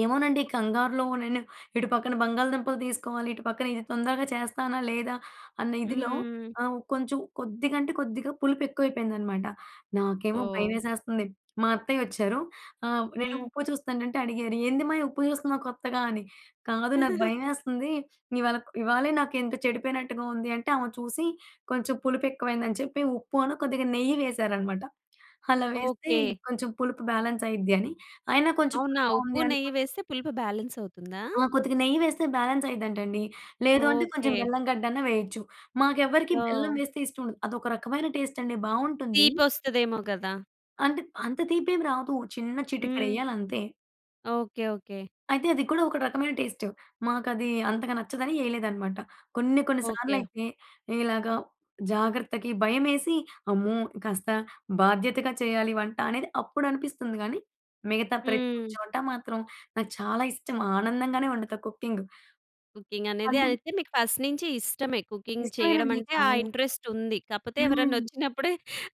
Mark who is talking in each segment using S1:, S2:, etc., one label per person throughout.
S1: ఏమోనండి. కంగారులో, నేను ఇటు పక్కన బంగాళదుంపలు తీసుకోవాలి, ఇటు పక్కన ఇది తొందరగా చేస్తానా లేదా, అన్న ఇదిలో
S2: హ్మ్.
S1: ఆహ్, ఉ కొంచెం కొద్దిగంటే కొద్దిగా పులుపెక్కువైపోయిందనమాట. నాకేమో
S2: ఓహ్!
S1: భయవేసేస్తంది. మా అత్తయ్య వచ్చారు. ఆహ్, నేను
S2: హ్మ్.
S1: ఉప్పు చూస్తుంటంటే అడిగేరు. "ఏందిమ్మాయి ఉప్పు జూస్తున్నావు కొత్తగా" అని. "కాదు నాకు భయవేస్తంది. ఇవాళ ఇవాళే నాకేంటొ చెడిపోయినట్టుగా ఉంది." అంటే, ఆమె చూసి, కొంచెం పులుపెక్కువైందని చెప్పి, ఉప్పు అను కొద్దిగా నెయ్యి వేశారనమాట. అలా వేస్తే
S2: ఓకే.
S1: కొంచెం పులుపు బ్యాలెన్సయిద్ది అని. అయినా కొంచెం
S2: అవునా?
S1: పుల్లగా
S2: ఉప్పు,
S1: ఉంది
S2: నెయ్యి
S1: అనుకోండి.
S2: వేస్తే పులుపు బ్యాలెన్సవుతుందా?
S1: ఆ! కొద్దిగా నెయ్యి వేస్తే బ్యాలెన్స్ అయ్యిద్దంటండి. లేదు అంటే, కొంచెం
S2: ఓకే.
S1: బెల్లం గడ్డన్నా వెయచ్చు. మాకెవ్వరికీ బెల్లం
S2: ఓహ్!
S1: వేస్తే ఇష్టం ఉండదు. అదొక రకమైన టేస్టండి. బావుంటుందీ.
S2: తీపొస్తదేమో కదా!
S1: అంటే, అంత తీపేం రాదూ. చిన్న
S2: హ్మ్.
S1: చిటికెడెయ్యాలంతే.
S2: Okay, okay.
S1: అయితే, అది కూడా ఒక రకమైన టేస్టు. మాకదీ అంతగా నచ్చదని ఏయలేదనమాట. కొన్ని కొన్ని సార్లు
S2: ఓకే.
S1: అయితే, ఈలాగా జాగ్రత్తకి భయమేసి, అమ్మో! కాస్త బాధ్యతగా చెయ్యాలి వంట అనేది, అప్పుడనిపిస్తుంది గానీ. మిగతా ప్రతీ
S2: హ్మ్.
S1: చోటా మాత్రం, నాకు చాలా ఇష్టం. ఆనందంగానే వండుతా కుకింగు.
S2: కుకింగ్ అనేది
S1: అవునండి.
S2: అయితే, మీకు ఫస్ట్ నుంచి ఇష్టమే. కుకింగ్
S1: ఇష్టవేనండి.
S2: చెయ్యడమంటే, ఆ
S1: చాలా.
S2: ఇంట్రెస్టుంది. కాపోతే
S1: హ్మ్.
S2: ఎవరన్నొచ్చినప్పుడే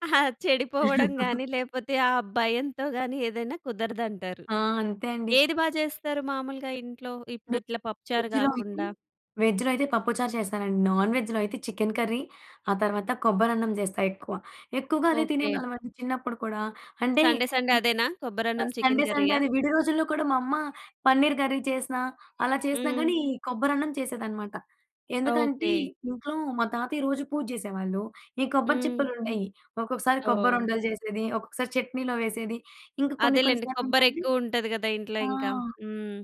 S2: ఆహ్! చెడిపోవడం గానీ, లేపోతే, ఆ భయంతో గానీ, ఏదైనా కుదరదంటారు.
S1: ఆ! అంతే అండి.
S2: ఏది బా చేస్తారు మాములుగా ఇంట్లో,
S1: నె
S2: ఇప్పుడిట్ల పప్పుచారు
S1: వెజ్‌‌లో అయితే
S2: గాకుండా?
S1: వెజ్‌లో అయితే, పప్పు చారు చేస్తానండి. నాన్‌వెజ్‌లో అయితే, చికెన్ కర్రీ, ఆ తర్వాత కొబ్బరన్నం చేస్తా ఎక్కువ. ఎక్కువగా అదే
S2: ఓకే.
S1: తినేవాళ్ళవండి చిన్నప్పుడు కూడా. అంటే
S2: సండే, సండే
S1: హ్మ్.
S2: అదేనా,
S1: అ
S2: కొబ్బరన్నం, చికెన్
S1: సండే సండే
S2: కర్రీయా?
S1: అది. విడి రోజుల్లో కూడా మా అమ్మ పన్నీర్ కర్రీ చేసినా అలా చేసినా
S2: హ్మ్.
S1: గానీ, కొబ్బరన్నం చేసేదనమాట. ఎందుకంటే,
S2: ఓకే.
S1: ఇంట్లో మా తాతయ్య రోజూ పూజ్జేసేవాళ్ళు. ఈ కొబ్బరి
S2: హ్మ్.
S1: చిప్పలుండేయి. ఒక్కొక్కసారి
S2: ఓహ్!
S1: కొబ్బరుండలు చేసేది, ఒక్కొక్కసారి చట్నీలో వేసేది. ఇంక కొన్ని కొన్ని
S2: అదేలెండి.
S1: సార్లు ఏంటంటే
S2: కొబ్బరెక్కువ ఉంటది గదా ఇంట్లో ఇంక.
S1: ఆ!
S2: హ్మ్.